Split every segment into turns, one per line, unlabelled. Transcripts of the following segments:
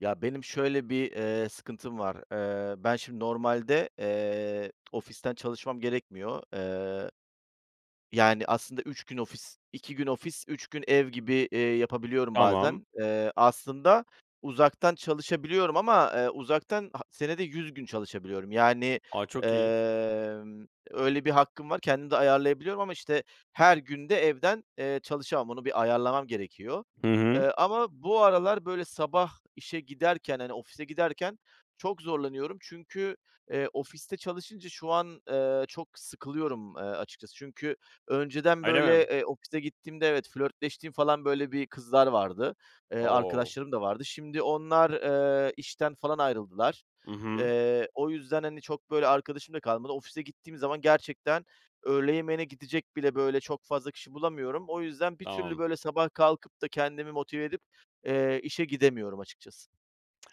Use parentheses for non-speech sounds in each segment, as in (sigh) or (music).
Ya, benim şöyle bir, eee, sıkıntım var: Eee, ben şimdi normalde, eee, ofisten çalışmam gerekmiyor. Eee, yani aslında 3 gün ofis, 2 gün ofis, 3 gün ev gibi, eee, yapabiliyorum
Tamam.
bazen. Eee, aslında uzaktan çalışabiliyorum ama, eee, uzaktan ha senede 100 gün çalışabiliyorum. Yani,
A! Çok iyi.
emm, öyle bir hakkım var, kendim de ayarlayabiliyorum ama, işte, her gün de evden, eee, çalışamam. Onu bir ayarlamam gerekiyor.
Hı hı.
Eee, ama bu aralar böyle sabah işe giderken, hani ofise giderken çok zorlanıyorum. Çünkü, eee, ofiste çalışınca şu an, eee, çok sıkılıyorum, eee, açıkçası. Çünkü önceden
Öyle
böyle,
mi?
eee, ofise gittiğimde evet, flörtleştiğim falan, böyle, bir kızlar vardı. Eee,
O!
arkadaşlarım da vardı. Şimdi onlar, eee, işten falan ayrıldılar.
I hı.
Eee, o yüzden, hani, çok, böyle, arkadaşım da kalmadı. Ofise gittiğim zaman gerçekten öğle yemeğine gidecek bile, böyle, çok fazla kişi bulamıyorum. O yüzden bir türlü,
Tamam.
böyle, sabah kalkıp da kendimi motive edip, eee, işe gidemiyorum açıkçası.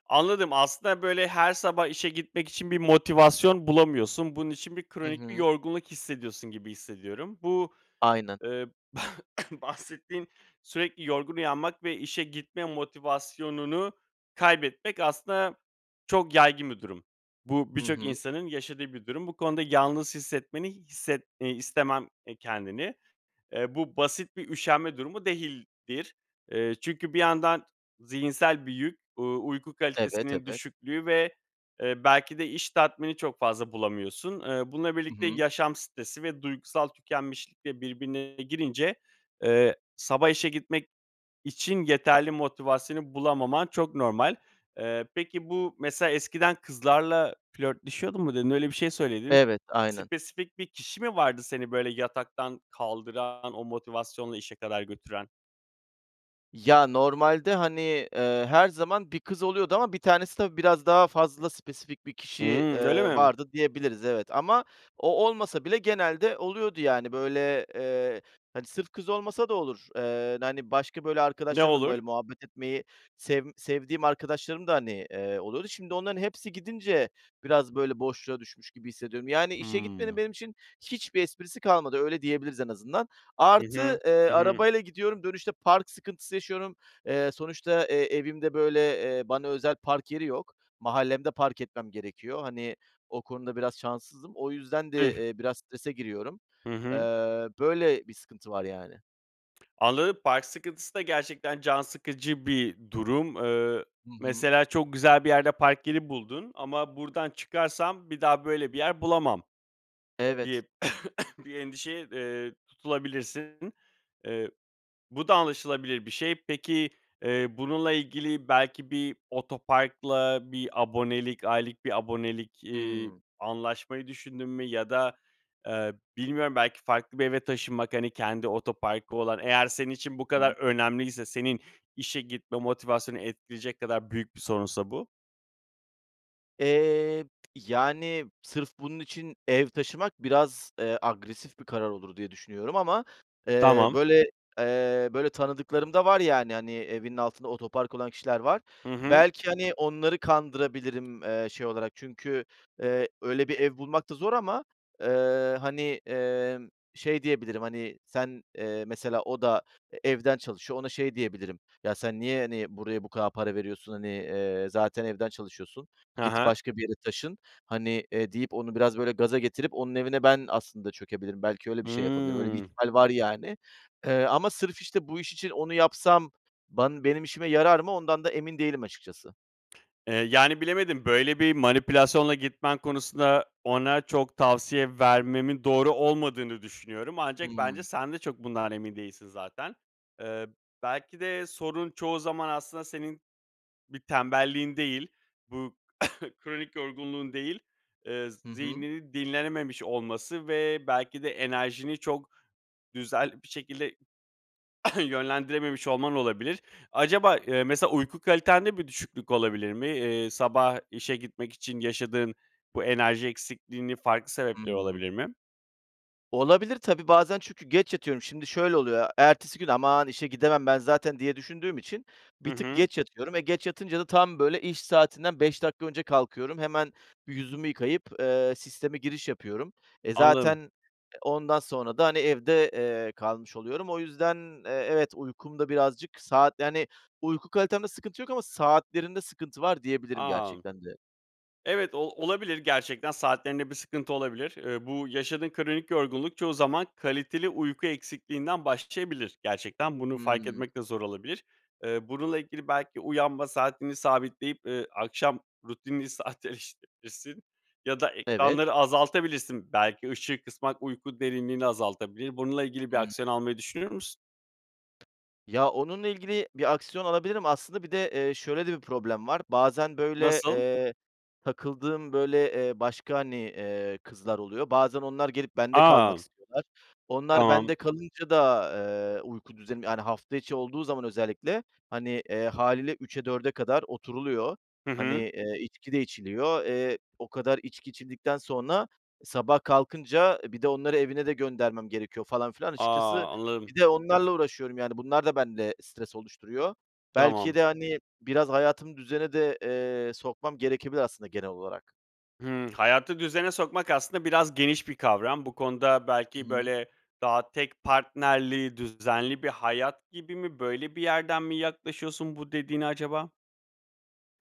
Anladım. Aslında, böyle, her sabah işe gitmek için bir motivasyon bulamıyorsun. Bunun için bir
Hı
kronik bir
hı.
yorgunluk hissediyorsun gibi hissediyorum. Bu,
Aynen.
eee, (coughs) bahsettiğin sürekli yorgun uyanmak ve işe gitme motivasyonunu kaybetmek aslında çok yaygın bir durum. Bu
Hı
birçok
hı.
insanın yaşadığı bir durum. Bu konuda yalnız hissetmeni hisset eee, istemem, eee, kendini. Eee, bu basit bir üşenme durumu değildir. Eee, çünkü bir yandan zihinsel bir yük, uuu, uyku
Evet,
kalitesinin
evet.
düşüklüğü ve, eee, belki de iş tatmini çok fazla bulamıyorsun. Iıı, bununla
I
birlikte
hı.
yaşam stresi ve duygusal tükenmişlik de birbirine girince, eee, sabah işe gitmek için yeterli motivasyonu bulamaman çok normal. Eee, peki bu mesela "Eskiden kızlarla flörtleşiyordum." mu dedin? Öyle bir şey söyledin.
Evet, aynen.
Spesifik bir kişi mi vardı seni böyle yataktan kaldıran, o motivasyonla işe kadar götüren?
Ya, normalde, hani, eee, her zaman bir kız oluyordu ama bir tanesi tabii biraz daha fazla spesifik bir kişi,
Imm. Öyle
eee,
mi?
vardı diyebiliriz, evet ama o olmasa bile genelde oluyordu. Yani, böyle, eee, hani, sırf kız olmasa da olur, eee, hani başka böyle
Ne
arkadaşlarım da
olur?
böyle muhabbet etmeyi sevm sevdiğim arkadaşlarım da, hani, eee, oluyordu. Şimdi onların hepsi gidince biraz böyle, boşluğa düşmüş gibi hissediyorum. Yani işe gitmenin
Hımm.
benim için hiçbir esprisi kalmadı, öyle diyebiliriz en azından.
Hı hı.
Artı, eee,
I hı.
arabayla gidiyorum, dönüşte park sıkıntısı yaşıyorum. Eee, sonuçta, eee, evimde böyle, eee, bana özel park yeri yok. Mahallemde park etmem gerekiyor. Hani o konuda biraz şanssızım. O yüzden de,
Tüh!
eee, biraz strese giriyorum.
Hı
Eee,
hı.
böyle bir sıkıntı var yani.
Anladım, park sıkıntısı da gerçekten can sıkıcı bir durum. Eee,
Hı hı.
mesela çok güzel bir yerde park yeri buldun ama buradan çıkarsam bir daha böyle bir yer bulamam diye
Evet.
(coughs) bir endişeye, eee, tutulabilirsin. Eee, bu da anlaşılabilir bir şey. Peki, eee, bununla ilgili, belki bir otoparkla bir abonelik aylık bir abonelik, iii,
Hımm.
anlaşmayı düşündün mü ya da, eee, bilmiyorum belki farklı bir eve taşınmak, hani, kendi otoparkı olan eğer senin için bu kadar
Hıı.
önemliyse senin işe gitme motivasyonu etkileyecek kadar büyük bir sorunsa bu.
Eee, yani, sırf bunun için ev taşımak biraz, eee, agresif bir karar olur diye düşünüyorum ama, ııı,
Tamam.
böyle, eee, böyle tanıdıklarım da var. Yani, hani, evinin altında otopark olan kişiler var.
Hı hı.
Belki, hani, onları kandırabilirim, eee, şey olarak. Çünkü, eee, öyle bir ev bulmak da zor ama, ııı, hani, emm, şey diyebilirim, hani, sen, ııı, mesela o da evden çalışıyor, ona şey diyebilirim, "Ya, sen niye, hani, buraya bu kadar para veriyorsun? Hani, eee, zaten evden çalışıyorsun,
He
git
he.
başka bir yere taşın, hani, eee" deyip onu biraz, böyle, gaza getirip onun evine ben aslında çökebilirim. Belki öyle bir şey yapabilirim. Öyle bir
Hımm.
ihtimal var, yani, eee, ama sırf, işte, bu iş için onu yapsam ban benim işime yarar mı, ondan da emin değilim açıkçası.
Eee, yani, bilemedim. Böyle bir manipülasyonla gitmen konusunda ona çok tavsiye vermemin doğru olmadığını düşünüyorum. Ancak bence
Hımm.
sen de çok bundan emin değilsin zaten. Iıı, belki de sorun çoğu zaman aslında senin bir tembelliğin değil, bu (coughs) kronik yorgunluğun değil, ııı, z
Hı hı.
zihninin dinlenememiş olması ve belki de enerjini çok güzel bir şekilde (coughs) yönlendirememiş olman olabilir. Acaba, ııı, mesela uyku kalitende bir düşüklük olabilir mi? Iıı, sabah işe gitmek için yaşadığın bu enerji eksikliğinin farklı sebepleri
Hımm.
olabilir mi?
Olabilir tabii, bazen çünkü geç yatıyorum. Şimdi şöyle oluyor, ertesi gün, "Aman işe gidemem ben zaten." diye düşündüğüm için
Hı
bir tık
hı.
geç yatıyorum ve geç yatınca da tam böyle iş saatinden 5 dakika önce kalkıyorum. Hemen bir yüzümü yıkayıp, eee, sisteme giriş yapıyorum. E, zaten,
Anladım.
e, ondan sonra da, hani, evde, eee, kalmış oluyorum. O yüzden, eee, evet, uykumda birazcık saat yani uyku kalitemde sıkıntı yok ama saatlerinde sıkıntı var diyebilirim
A, m
gerçekten de.
Evet, o olabilir gerçekten, saatlerinde bir sıkıntı olabilir. Eee, bu yaşadığın kronik yorgunluk çoğu zaman kaliteli uyku eksikliğinden başlayabilir. Gerçekten bunu fark
Hıı.
etmek de zor olabilir. Eee, bununla ilgili belki uyanma saatini sabitleyip, eee, akşam rutinini sadeleştirebilirsin ya da
Evet.
ekranları azaltabilirsin. Belki ışığı kısmak uyku derinliğini azaltabilir. Bununla ilgili bir
Hımm.
aksiyon almayı düşünür müsün?
Ya, onunla ilgili bir aksiyon alabilirim aslında. Bir de, eee, şöyle de bir problem var, bazen, böyle,
Nasıl?
eee, takıldığım, böyle, eee, başka, hani, eee, kızlar oluyor. Bazen onlar gelip bende kalmak
A!
istiyorlar. Onlar
Tamam.
bende kalınca da, eee, uyku düzenim yani, hafta içi olduğu zaman özellikle, hani, eee, hâliyle 3'e, 4'e kadar oturuluyor.
Hı
Hani,
hı.
eee, içki de içiliyor. Eee, o kadar içki içildikten sonra sabah kalkınca, e, bir de onları evine de göndermem gerekiyor falan filan.
A!
Açıkçası
Anladım.
bir de onlarla uğraşıyorum. Yani, bunlar da bende stres oluşturuyor. Belki
Tamam.
de, hani, biraz hayatımı düzene de, eee, sokmam gerekebilir aslında genel olarak.
Hımm. Hayatı düzene sokmak aslında biraz geniş bir kavram. Bu konuda
I
belki,
hı.
böyle, daha tek partnerli düzenli bir hayat gibi mi, böyle bir yerden mi yaklaşıyorsun bu dediğine acaba?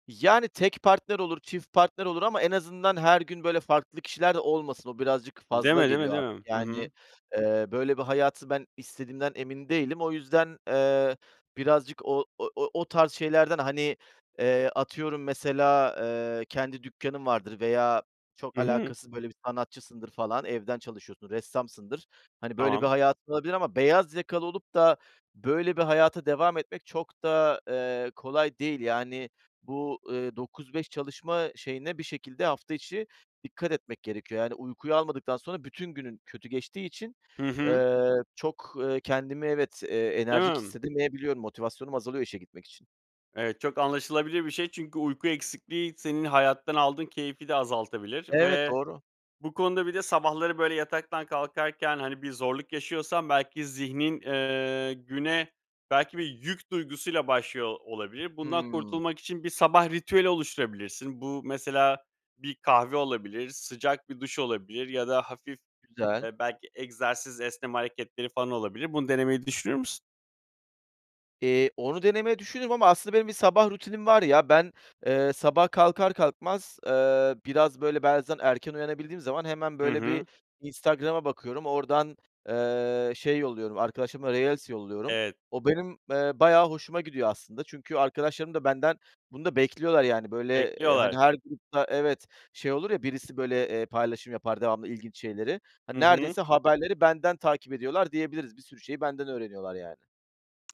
Yani, tek partner olur, çift partner olur ama en azından her gün, böyle, farklı kişiler de olmasın. O birazcık
Değil mi?
fazla
Değil mi?
geliyor
Değil
artık.
mi? Hı
Yani,
hı.
ııı, böyle bir hayatı ben istediğimden emin değilim. O yüzden, eee, birazcık o o o tarz şeylerden, hani, eee, atıyorum, mesela, ııı, kendi dükkânım vardır veya çok
Hı hı.
alakasız böyle bir sanatçısındır falan evden çalışıyorsun, ressamsındır. Hani, böyle bir
Tamam.
hayatın olabilir ama beyaz yakalı olup da böyle bir hayata devam etmek çok da, eee, kolay değil. Yani bu, ııı, 9-5 çalışma şeyine bir şekilde hafta içi dikkat etmek gerekiyor. Yani uykuyu almadıktan sonra bütün günün kötü geçtiği için,
Hı hı.
ııı, çok, ııı, kendimi, evet, eee, enerjik
Hımm.
hissedemeyebiliyorum. Motivasyonum azalıyor işe gitmek için.
Evet, çok anlaşılabilir bir şey çünkü uyku eksikliği senin hayattan aldığın keyfi de azaltabilir.
Evet,
Ve
doğru.
bu konuda bir de sabahları, böyle, yataktan kalkarken, hani, bir zorluk yaşıyorsan belki zihnin, ııı, güne belki bir yük duygusuyla başlıyor olabilir. Bundan
Hımm.
kurtulmak için bir sabah ritüeli oluşturabilirsin. Bu mesela bir kahve olabilir, sıcak bir duş olabilir ya da hafif
Güzel.
belki egzersiz, esneme hareketleri falan olabilir. Bunu denemeyi düşünür müsün?
Eee, onu denemeyi düşünürüm ama aslında benim bir sabah rutinim var ya. Ben, eee, sabah kalkar kalkmaz, eee, biraz böyle, bazen erken uyanabildiğim zaman hemen
Hı
böyle,
hı.
bir Instagram'a bakıyorum, oradan, eee, şey yolluyorum, arkadaşlarıma reels yolluyorum.
Evet.
O benim, eee, bayağı hoşuma gidiyor aslında. Çünkü arkadaşlarım da benden, bunu da bekliyorlar yani, böyle, eee, hani,
Bekliyorlar.
her grupta evet, şey olur ya birisi böyle, eee, paylaşım yapar, devamlı ilginç şeyleri. Hani,
Hı hı.
neredeyse haberleri benden takip ediyorlar diyebiliriz. Bir sürü şeyi benden öğreniyorlar yani.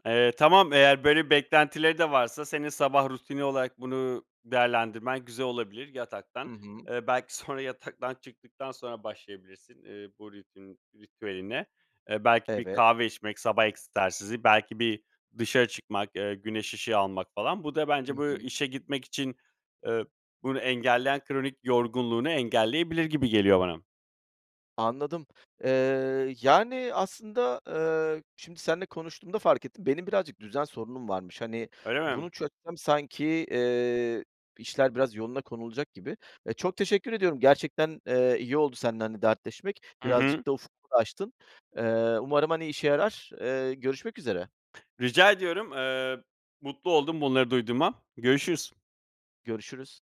Eee, tamam, eğer böyle beklentileri de varsa senin sabah rutini olarak bunu değerlendirmen güzel olabilir. Yataktan
Hı hı.
eee, belki sonra yataktan çıktıktan sonra başlayabilirsin, eee, bu ritün ritüeline. Eee, belki bir
Evet.
kahve içmek, sabah egzersizi, belki bir dışarı çıkmak, eee, güneş ışığı almak falan Bu da
Hı
bence bu
hı.
işe gitmek için, eee, bunu engelleyen kronik yorgunluğunu engelleyebilir gibi geliyor bana.
Anladım. Eee, yani aslında, eee, şimdi seninle konuştuğumda fark ettim. Benim birazcık düzen sorunum varmış. Hani,
Öyle mi?
bunu çözsem sanki, eee, işler biraz yoluna konulacak gibi. E, çok teşekkür ediyorum. Gerçekten, eee, iyi oldu seninle, hani, dertleşmek.
Hı hı.
Birazcık da ufkumu da açtın. Eee, umarım, hani, işe yarar. Eee, görüşmek üzere.
Rica ediyorum. Eee, mutlu oldum bunları duyduğuma. Görüşürüz.
Görüşürüz.